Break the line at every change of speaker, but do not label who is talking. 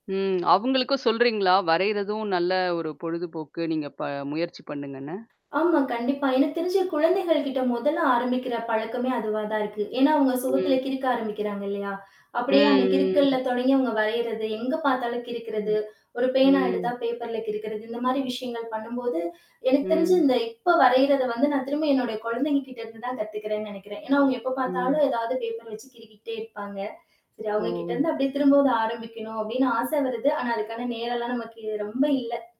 ம். அவுங்களுக்கும் சொல்றீங்களா, வரையறதும் நல்ல ஒரு பொழுதுபோக்கு நீங்க ப முயற்சி பண்ணுங்கன்னு?
ஆமாம், கண்டிப்பா. எனக்கு தெரிஞ்சு, குழந்தைகள் கிட்ட மொதல்ல ஆரம்பிக்கிற பழக்கமே அதுவா தான் இருக்கு. ஏன்னா, அவுங்க சுவத்ல
ம்.
கிறுக்க ஆரம்பிக்கிறாங்க இல்லையா? அப்படியே அந்த
ம்.
கிறுக்கல்ல
ம்.
தொடங்கி, அவங்க வரயுறது, எங்க பாத்தாலும் கிறுக்றது,
ம்.
ஒரு பேனா எடுத்தா
ம்.
பேப்பர்ல கிறுக்கறது. இந்த மாதிரி விஷயங்கள் பண்ணம்போது, எனக்கு தெரிஞ்சு,
ம்.
இந்த இப்ப வரையுறத வந்து நான் திரும்ப என்னோட கொழந்தைகள் கிட்ட இருந்து தான் கத்துகிறேன்னு நெனைக்கிறன். ஏன்னா, அவங்க எப்ப
ம்.
பாத்தாலும் ஏதாவது பேப்பர வைச்சு கிறுக்கிட்டே இருப்பாங்க. சரி, அவங்ககிட்ட இருந்து
ஓ!
அப்டியே திரும்பவும் அத ஆரம்பிக்கணும் அப்டின்னு ஆச வருது. ஆனா, அதுக்கான நேரம் எல்லாம் நமக்கு ரொம்ப இல்ல.